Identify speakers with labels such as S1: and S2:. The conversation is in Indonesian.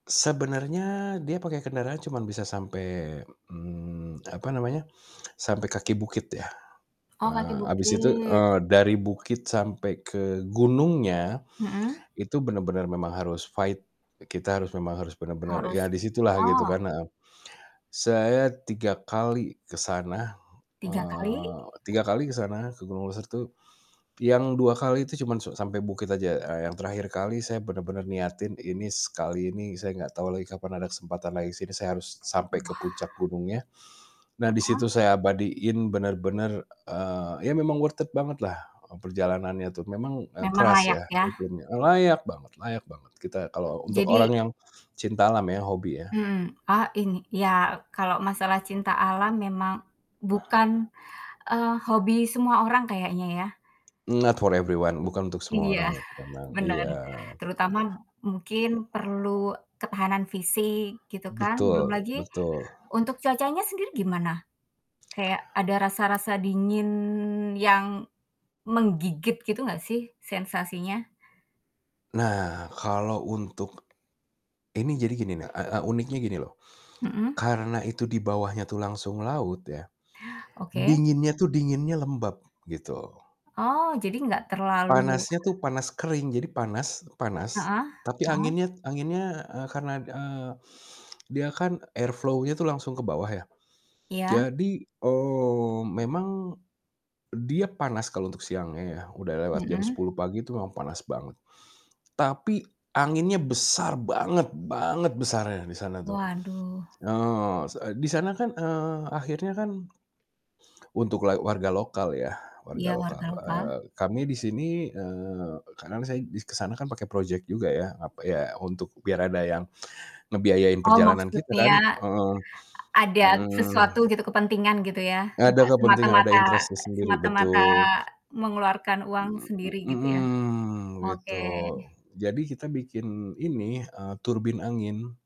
S1: Sebenarnya dia pakai kendaraan cuma bisa sampai, mmm, apa namanya, sampai kaki bukit ya.
S2: Oh
S1: Eee,
S2: kaki
S1: habis itu,
S2: bukit.
S1: eee, dari bukit sampai ke gunungnya,
S2: Mhm.
S1: itu benar-benar memang harus fight. Kita harus memang harus benar-benar ya
S2: Harus
S1: di situlah gitu
S2: oh.
S1: kan, heeh. Saya 3 kali ke sana,
S2: 3 kali.
S1: eee, 3 kali ke sana ke Gunung Leuser tuh. Yang 2 kali itu cuman so sampai bukit aja, eee, yang terakhir kali saya benar-benar niatin ini s kali ini saya nggak tahu lagi kapan ada kesempatan lagi ke sini, saya harus sampai ke
S2: Wah.
S1: puncak gunungnya. Nah di
S2: Heeh.
S1: situ saya abadiin bener-bener, eee, ya memang worth it banget lah e perjalanannya tuh. Memang, eee,
S2: Memang
S1: keras
S2: layak
S1: ya
S2: ya.
S1: iklimnya, e layak banget layak banget kita kalo untuk orang
S2: Jadi
S1: yang cinta alam ya, hobi ya.
S2: Mmm, ah ini iya, kalau masalah cinta alam memang bukan, eee, hobi semua orang kayaknya ya.
S1: Not for everyone, bukan untuk semua
S2: Iya,
S1: orang itu memang.
S2: bener.
S1: Iya.
S2: Terutama mungkin perlu ketahanan fisik gitu kan, belum
S1: Betul
S2: lagi
S1: betul.
S2: untuk cuacanya sendiri gimana? Kayak ada rasa-rasa dingin yang menggigit gitu gak sih sensasinya?
S1: Nah kalau untuk ini jadi gini na e e uniknya gini loh,
S2: Mhm.
S1: karena itu dibawahnya tuh langsung laut ya,
S2: Oke.
S1: dinginnya tuh dinginnya lembab gitu.
S2: Oh jadi nggak terlalu
S1: Panasnya tuh panas kering, jadi panas panas,
S2: Heeh
S1: tapi
S2: heeh.
S1: anginnya anginnya, eee, karena, eee, dia kan air flow-nya tuh langsung ke bawah ya.
S2: Iya.
S1: Jadi, eee, memang dia panas kalau untuk siangnya ya. Udah lewat jam
S2: Mhm.
S1: 10.00 pagi itu memang panas banget. Tapi anginnya besar banget banget besarnya di sana tuh.
S2: Waduh.
S1: Eee, se e di sana kan, eee, akhirnya kan untuk lal warga lokal ya, warga
S2: Iya,
S1: lokal,
S2: warga lokal.
S1: eee, kami di sini eee, kadang saya di ke sana kan pakai project juga ya, apa ya untuk biar ada yang ngebiayain
S2: Oh
S1: perjalanan kita
S2: maksudnya
S1: kan, heeh.
S2: a ada
S1: Mhm.
S2: sesuatu gitu kepentingan gitu ya,
S1: Ada
S2: nggak
S1: kepentingan ada
S2: semata-mata
S1: interest-nya sendiri,
S2: semata-mata
S1: betul.
S2: mengeluarkan uang
S1: Mhm, m
S2: sendiri gitu ya,
S1: mhm, gitu,
S2: oke.
S1: jadi kita bikin ini, eee, turbin angin.